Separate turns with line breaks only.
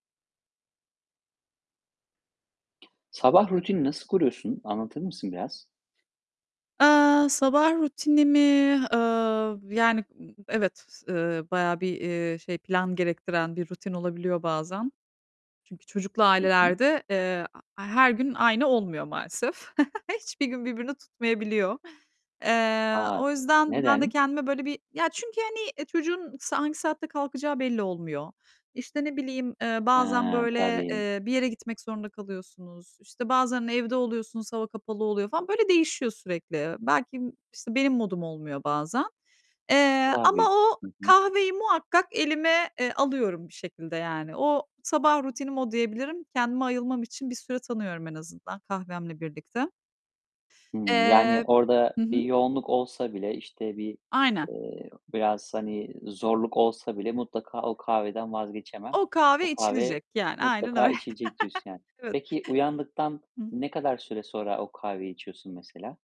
Sabah rutinini nasıl kuruyorsun, anlatır mısın biraz?
Eee, sabah rutinimi, ııı, yani, ı Evet, s ııı, bayağı bir, eee, şey, plan gerektiren bir rutin olabiliyor bazen. Çünkü çocuklu
Hı hı.
ailelerde, eee, a her gün aynı olmuyor maalesef. Hiçbir gün birbirini tutmayabiliyor. Eee,
A,
o yüzden ben de
neden?
kendime böyle bir Ya, çünkü hani, e, çocuğun s hangi saatte kalkacağı belli olmuyor. İşte, ne bileyim, eee,
He,
bazen böyle,
tabii.
eee, bir yere gitmek zorunda kalıyorsunuz. İşte, bazen evde oluyorsunuz. Hava kapalı oluyor falan. Böyle, değişiyor sürekli. Belki, işte, benim modum olmuyor bazen, eee, ama
Tabii.
o
Hı hı.
kahveyi muhakkak elime, eee, alıyorum bir şekilde yani. O, sabah rutinim o diyebilirim. Kendime ayılmam için bir süre tanıyorum en azından kahvemle birlikte.
Hımm. Yani
Eee
orada
Hı
bir
hı.
yoğunluk olsa bile, işte, bir,
Aynen.
eee, biraz, hani, zorluk olsa bile mutlaka o kahveden vazgeçemem.
O
O
kahve
kahve
içilecek yani. Aynen
mutlaka
öyle.
içilecek diyorsun yani.
Evet.
Peki uyandıktan
Hı hı.
ne kadar süre sonra o kahveyi içiyorsun mesela?